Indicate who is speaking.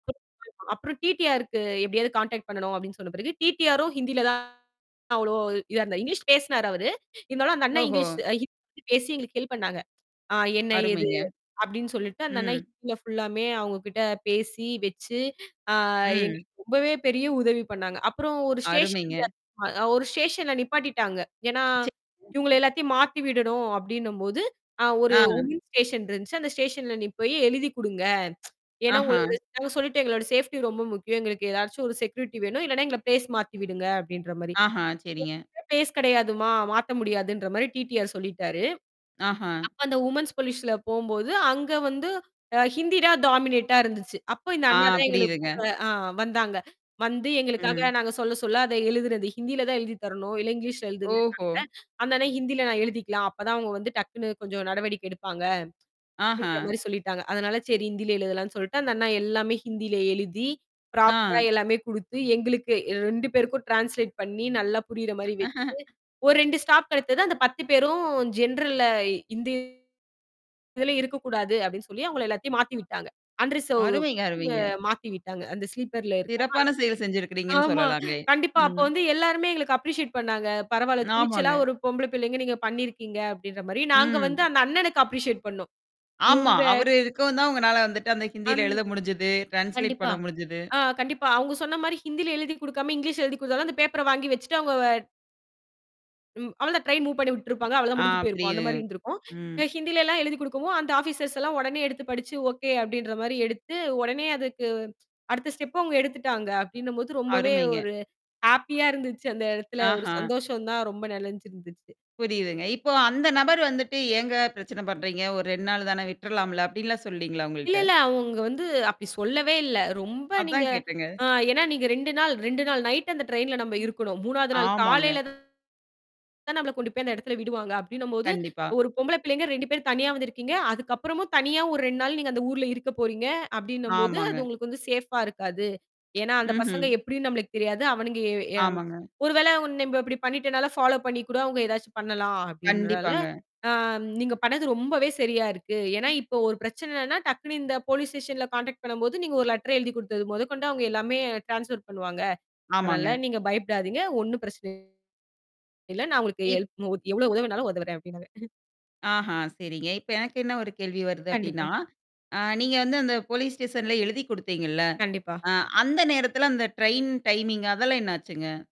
Speaker 1: [unintelligible] அப்புறம் டி-டி-ஆர் க்கு எப்பிடியாவது கான்டாக்ட் பண்ணணும் அப்பிடின்னு சொன்ன பிறகு, டி-டி-ஆரும் ஹிந்தியில தான் அவ்ளோ இதா இருந்தார். இங்கிலீஷ் பேசினாரு அவரு. இருந்தாலும் அந்த அண்ணன்
Speaker 2: ஓஹோ!
Speaker 1: இங்கிலீஷ் அ ஹிந்தி பேசி எங்களுக்கு ஹெல்ப் பண்ணாங்க. என்ன ஏது
Speaker 2: அருமைங்க.
Speaker 1: அப்பிடின்னு சொல்லிட்டு அந்த அண்ணா
Speaker 2: ம்.
Speaker 1: ஹிந்தியில ஃபுல்லாமே அவுங்ககிட்ட பேசி வச்சு, அ
Speaker 2: ம்.
Speaker 1: எங்களுக்கு ரொம்பவே பெரிய உதவி பண்ணாங்க. அப்புறம் ஒரு ஸ்டேஷன்ல
Speaker 2: அருமைங்க.
Speaker 1: ஒரு ஸ்டேஷன்ல நிப்பாட்டிட்டாங்க. ஏன்னா
Speaker 2: [unintelligible]
Speaker 1: இவுங்க எல்லாத்தையும் மாத்தி விடணும் அப்பிடின்னம்போது, அ ஒரு
Speaker 2: ஆ.
Speaker 1: வுமன்ஸ் ஸ்டேஷன் இருந்துச்சு. அந்த ஸ்டேஷன்ல நீ போய் எழுதிக் கொடுங்க. ஏன்னா
Speaker 2: ஆஹா!
Speaker 1: உங்களுடைய [unintelligible] சொல்லிட்டேன் எங்களோட சேஃப்டி ரொம்ப முக்கியம். எங்களுக்கு ஏதாச்சும் ஒரு செக்யூரிட்டி வேணும். இல்லன்னா, எங்கள பிளேஸ் மாத்தி விடுங்க அப்பிடின்றமாரி
Speaker 2: ஆஹா! சரிங்க.
Speaker 1: பிளேஸ் கிடையாதும்மா! மாற்ற முடியாதுன்ற மாதிரி டி-டி-ஆர் சொல்லிட்டாரு.
Speaker 2: ஆஹா!
Speaker 1: அப்ப அந்த வுமன்ஸ் போலீஸ்ல போம்போது, அங்க வந்து ஹிந்தி தான் டாமினேட்டா இருந்துச்சு. அப்ப இந்த
Speaker 2: ஆ,
Speaker 1: அண்ணா தான் எங்களுக்கு
Speaker 2: புரியுதுங்க.
Speaker 1: கூட வந்தாங்க. வந்து எங்களுக்காக
Speaker 2: ம்.
Speaker 1: நாங்க சொல்ல, சொல்ல அதை எழுதிறது, ஹிந்தில தான் எழுதி தரணும், இல்லை இங்கிலீஷ்ல எழுதுங்கன்ட்டாங்க
Speaker 2: ஓஹோ!
Speaker 1: அந்த அண்ணன் ஹிந்தியில நான் எழுதிக்கலாம். அப்ப தான் அவுங்க வந்து டக்குனு கொஞ்சம் நடவடிக்கை எடுப்பாங்க அப்பிடின்ற
Speaker 2: ஆஹா!
Speaker 1: மாரி சொல்லிட்டாங்க. அதனால சரி ஹிந்தியில எழுதலான்னு சொல்ட்டு, அந்த அண்ணா எல்லாமே ஹிந்தியில எழுதி ப்ராப்பரா
Speaker 2: ஆ.
Speaker 1: எல்லாமே கொடுத்து, எங்களுக்கு ஏ 2 பேருக்கும் டிரான்ஸ்லேட் பண்ணி நல்லா புரியிறமாரி வச்சு, ஒரு 2 ஸ்டாப் கிடைத்தது. அந்த 10 பேரும் ஜென்ரல்ல ஹிந்தி இதில இருக்கக்கூடாது அப்பிடின்னு சொல்லி அவுங்கள எல்லாத்தையும் மாத்தி விட்டாங்க. அன்ரிசர்வ்
Speaker 2: அருமைங்க,
Speaker 1: அ
Speaker 2: அருமைங்க.
Speaker 1: மாத்திவிட்டாங்க. அந்த ஸ்லீப்பர்ல இருக்காம
Speaker 2: சிறப்பான செயல் செய்திருக்கிறீங்கன்னு
Speaker 1: ஆமா.
Speaker 2: சொல்லலாங்க.
Speaker 1: கண்டிப்பா, அப்போ வந்து எல்லாருமே எங்களுக்கு அப்ரிஷியேட் பண்ணாங்க. பரவாயில்ல, துணிச்சலா
Speaker 2: ஆமாங்க.
Speaker 1: ஒரு பொம்பள பிள்ளைகள் நீங்க பண்ணியிருக்கீங்க அப்பிடின்றமாரி, நாங்க வந்து
Speaker 2: ம்.
Speaker 1: அந்த அண்ணனுக்கு அப்ரிஷியேட் பண்ணோம்.
Speaker 2: ஆமா.
Speaker 1: இவுங்க
Speaker 2: அவரு இருக்கவும் தான் உங்களால வந்து அந்த ஹிந்தியில
Speaker 1: அன்
Speaker 2: எழுத முடிந்தது. டிரான்ஸ்லேட்
Speaker 1: கண்டிப்பா.
Speaker 2: பண்ண முடிஞ்சது.
Speaker 1: ஆ கண்டிப்பா. அவுங்க சொன்னமாரி ஹிந்தில எழுதிக் கொடுக்காம, இங்கிலீஷ்ல எழுதிக் கொடுத்தாலும் அந்த பேப்பர வாங்கி வச்சுட்டு அவுங்க ம். அவ்ள தான் ட்ரெயின் மூவ் பண்ணி விட்டிருப்பாங்க. அவ்வளவு தான்
Speaker 2: ஆ
Speaker 1: முடிஞ்சு போயிருக்கும். அந்தமாரி
Speaker 2: புரியுதுங்க.
Speaker 1: இருந்திருக்கும்.
Speaker 2: ம்.
Speaker 1: ஏ ஹிந்தில எல்லாம் எழுதிக் குடுக்கவும், அந்த ஆபிசர்ஸ் எல்லாம் உடனே எடுத்து படித்து, ஒகே, அப்பிடின்றமாரி எடுத்து உடனே அதற்கு அடுத்த ஸ்டெப்பு அவுங்க எடுத்துட்டாங்க அப்பிடின்னும்போது, ரொம்பவே
Speaker 2: அருமைங்க.
Speaker 1: ஒரு ஹேப்பியாக இருந்துச்சு அந்த இடத்தில. ஒரு
Speaker 2: ஆஹா!
Speaker 1: சந்தோஷம் தான் ரொம்ப நெறஞ்சிருந்துச்சு.
Speaker 2: புரியுதுங்க. இப்போ அந்த நபர் வந்துட்டு ஏங்க பிரச்சனை பண்றீங்க? ஒரு 2 நாள் தானே விட்டுறலாம்ல அப்பிடின்லாம் சொல்லலீங்களா!
Speaker 1: இல்ல,
Speaker 2: உங்கள்ட்ட.
Speaker 1: இல்லை. அவுங்க வந்து அப்பிடி சொல்லவே இல்லை. ரொம்ப நீங்க
Speaker 2: அதான் கேட்டேங்க.
Speaker 1: ஆங் ஏன்னா நீங்க 2 நாள் 2 நாள் நைட் அந்த ட்ரெயின்ல நம்ம இருக்கணும். 3வது மூன்றாவது நாள்
Speaker 2: ஆமாங்க.
Speaker 1: காலையில தான் நம்மள கொண்டு போய் அந்த இடத்தில விடுவாங்க அப்பிடின்னம்போது,
Speaker 2: கண்டிப்பா.
Speaker 1: ஒரு பொம்பள பிள்ளைங்க 2 பேரும் தனியாக வந்திருக்கிறீங்க. அதுக்கு அப்புறமும் தனியாக ஒரு 2 நாள் நீங்க அந்த ஊர்ல இருக்கப் போறீங்க! அப்பிடின்னம்போது,
Speaker 2: ஆமாங்க.
Speaker 1: அது உங்களுக்கு வந்து சேஃப்பா இருக்காது. ஏன்னா, அந்த பசங்க
Speaker 2: ம்ஹ்ம்.
Speaker 1: எப்பிடின்னு நமமளுக்கு தெரியாது. அவனுங்க அ எ
Speaker 2: ஆமாங்க.
Speaker 1: ஒருவேள, நம்ம இப்பிடி பண்ணிட்டனால, பாலோப் பண்ணி கூட அவுங்க ஏதாசச்சும் பண்ணலாம் அப்பிடின்றால,
Speaker 2: கண்டிப்பாங்க.
Speaker 1: ஆம், நீங்க பண்ணது ரொம்பவே சரியாக இருக்கு. ஏன்னா இப்போ ஒரு பிரச்சனைன்னா, டக்குனு இந்த போலீஸ் ஸ்டேஷன்ல கான்டாக்ட் பண்ணும்போது, நீங்க ஒரு லெட்டர் எழுதி கொடுத்தது முதற்கொண்டு அவுங்க எல்லாமே டிரான்ஸ்பர் பண்ணுவாங்க. அதனால
Speaker 2: ஆமாங்க.
Speaker 1: நீங்க பயப்படாதீங்க. ஒன்னும் பிரச்சனை இல்ல. நான் உங்களுக்கு
Speaker 2: இப்
Speaker 1: ஹெல்ப் எவ்ளோ உதவினாலும் உதவுறேன் அப்பிடின்னாரு
Speaker 2: ஆஹா! சரிங்க. இப்போ எனக்கு என்ன ஒரு கேள்வி வருது அப்பிடின்னா,
Speaker 1: கண்டிப்பா.
Speaker 2: அ நீங்க வந்து அந்த போலீஸ் ஸ்டேஷன்ல எழுதிக் குடுத்தீங்கள்ல,
Speaker 1: கண்டிப்பா.
Speaker 2: அ அந்த நேரத்தில அந்த ட்ரெயின் டைமிங் அதெல்லாம் என்ன ஆச்சுங்க?